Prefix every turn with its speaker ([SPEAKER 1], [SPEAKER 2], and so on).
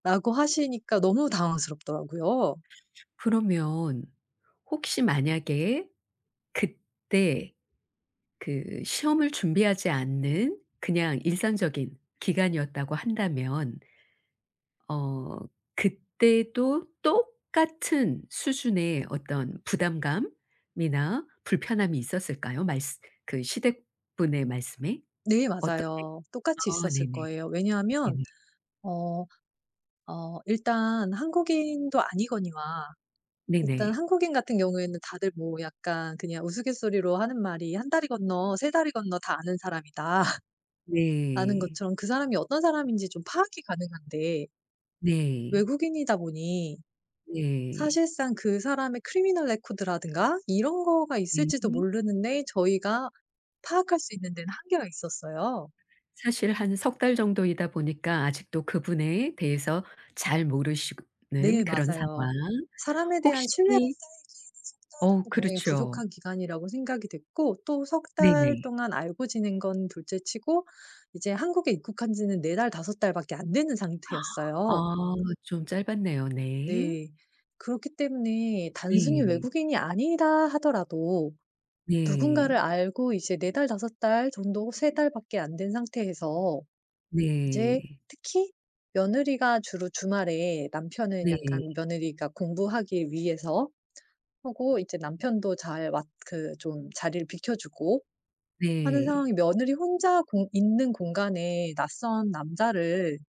[SPEAKER 1] 라고 하시니까 너무 당황스럽더라고요.
[SPEAKER 2] 그러면 혹시 만약에 그때 그 시험을 준비하지 않는 그냥 일상적인 기간이었다고 한다면 어 그때도 똑같은 수준의 어떤 부담감 이나 불편함이 있었을까요? 말쓰 그 시댁 분의 말씀에?
[SPEAKER 1] 네
[SPEAKER 2] 어떻게
[SPEAKER 1] 맞아요. 똑같이
[SPEAKER 2] 아
[SPEAKER 1] 있었을
[SPEAKER 2] 네네.
[SPEAKER 1] 거예요. 왜냐하면
[SPEAKER 2] 네네.
[SPEAKER 1] 어 어 일단 한국인도 아니거니와 일단
[SPEAKER 2] 네네.
[SPEAKER 1] 한국인 같은 경우에는 다들 뭐 약간 그냥 우스갯소리로 하는 말이 "1 다리 건너 3 다리 건너 다 아는 사람이다." 라는
[SPEAKER 2] 네.
[SPEAKER 1] 것처럼 그 사람이 어떤 사람인지 좀 파악이 가능한데
[SPEAKER 2] 네.
[SPEAKER 1] 외국인이다 보니
[SPEAKER 2] 네.
[SPEAKER 1] 사실상 그 사람의 criminal record라든가 이런 거가 있을지도
[SPEAKER 2] 으흠.
[SPEAKER 1] 모르는데 저희가 파악할 수 있는 데는 한계가 있었어요.
[SPEAKER 2] 사실 한 3 달 정도이다 보니까 아직도 그분에 대해서 잘
[SPEAKER 1] 네
[SPEAKER 2] 모르시고는 그런 상황.
[SPEAKER 1] 맞아요. 사람에 대한
[SPEAKER 2] 혹시
[SPEAKER 1] 신뢰가 쌓이기에는 3
[SPEAKER 2] 어우.
[SPEAKER 1] 달은 굉장히
[SPEAKER 2] 그렇죠.
[SPEAKER 1] 부족한 기간이라고 생각이 됐고 또 3 달
[SPEAKER 2] 네네.
[SPEAKER 1] 동안 알고 지낸 건 둘째 치고 이제 한국에 입국한 지는 4 달, 5 달밖에 안 되는
[SPEAKER 2] 아
[SPEAKER 1] 상태였어요.
[SPEAKER 2] 좀 짧았네요. 네.
[SPEAKER 1] 네. 그렇기 때문에 단순히
[SPEAKER 2] 네.
[SPEAKER 1] 외국인이 아니다 하더라도 누군가를
[SPEAKER 2] 네.
[SPEAKER 1] 알고 이제 4 달, 5 달 정도 3 달밖에 안 된 상태에서 이제
[SPEAKER 2] 네.
[SPEAKER 1] 특히 며느리가 주로 주말에 남편은
[SPEAKER 2] 네.
[SPEAKER 1] 약간 며느리가 공부하기 위해서 하고 이제 남편도 잘 왔 그 좀 자리를 비켜 주고 하는
[SPEAKER 2] 네.
[SPEAKER 1] 상황이 며느리 혼자 공 있는 공간에 낯선 남자를